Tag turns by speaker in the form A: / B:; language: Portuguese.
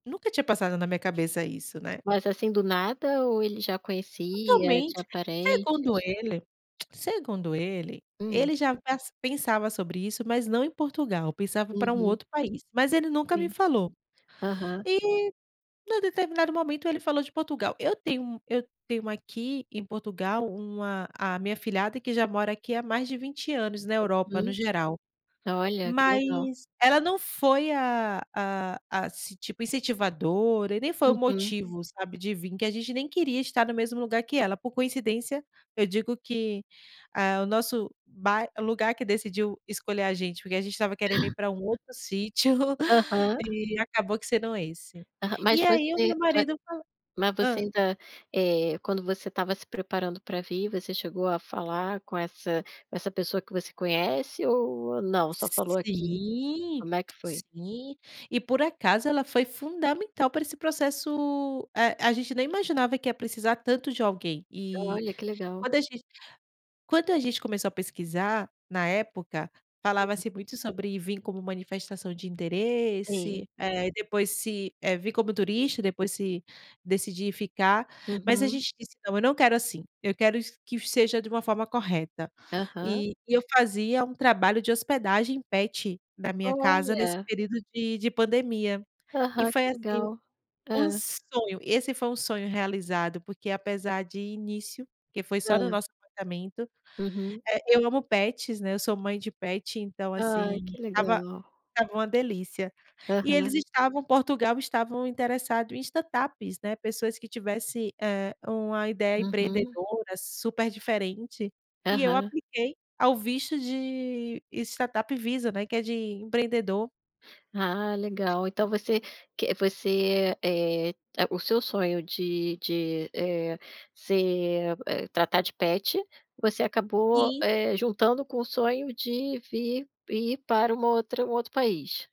A: Nunca tinha passado na minha cabeça isso, né.
B: Mas assim do nada ou ele já conhecia, tinha
A: Totalmente! Segundo
B: parentes?
A: ele, segundo ele,
B: Hum.
A: ele já pas pensava sobre isso, mas não em Portugal. Pensava para um
B: Uhum.
A: outro país, mas ele nunca me
B: Sim.
A: falou.
B: Aham.
A: E, em um determinado momento, ele falou de Portugal. Eu tenho um eu tenho aqui em Portugal uma a minha afilhada que já mora aqui há mais de 20 anos na Europa no
B: Uhum.
A: geral.
B: Olha, que legal.
A: Mas ela não foi a a ass tipo incentivadora e nem foi o
B: Uhum.
A: motivo, sabe, de vim. Porque a gente nem queria estar no mesmo lugar que ela. Por coincidência, eu digo que, eh, o nosso bai lugar que decidiu escolher a gente, porque a gente estava querendo ir para um outro sítio,
B: Aham.
A: e acabou que sendo esse.
B: Aham, mas
A: E aí, o
B: você
A: meu
B: vai
A: marido fal
B: mas você
A: Hã?
B: ainda, eh, quando você estava se preparando pra vir, você chegou a falar com essa com essa pessoa que você conhece ou não? Só falou aqui?
A: Sim,
B: Como é que foi?
A: sim. E, por acaso, ela foi fundamental pra esse processo Eh, a gente nem imaginava que ia precisar tanto de alguém. E,
B: Olha, que legal.
A: quando a gen quando a gente começou a pesquisar, na época,
B: Hum.
A: falava-se muito sobre vim como manifestação de
B: Sim.
A: interesse. É. E depois se eh, vir como turista. Depois, se decidir ficar mas a
B: Uhum.
A: gente disse: “Não, eu não quero assim, eu quero iss que seja de uma forma correta”.
B: Aham.
A: E e eu fazia um trabalho de hospedagem pet na minha casa nesse
B: Olha!
A: período de de pandemia. E
B: Aham.
A: foi
B: Que
A: assim,
B: legal.
A: um
B: Hã.
A: sonho. Esse foi um sonho realizado, porque, apesar de início, porque foi só no
B: Hã.
A: nosso apartamento
B: Uhum.
A: eh, eu amo pets, né, eu sou mãe de pet, então
B: Ah,
A: assim,
B: que
A: estava
B: legal!
A: estava uma delícia. E
B: Aham.
A: eles estavam Portugal estavam interessado em startups, né. Pessoas que tivesse, eh, uma ideia
B: Uhum.
A: empreendedora super diferente. E eu
B: Aham.
A: apliquei ao visto de Startup Visa, né, que é de empreendedor.
B: Ah, legal, então você que você, eh, a o seu sonho de de, eh, ser, eh tratar de pet, você acabou,
A: Sim.
B: eh, juntando com o sonho de vir ir para uma outra um outro país?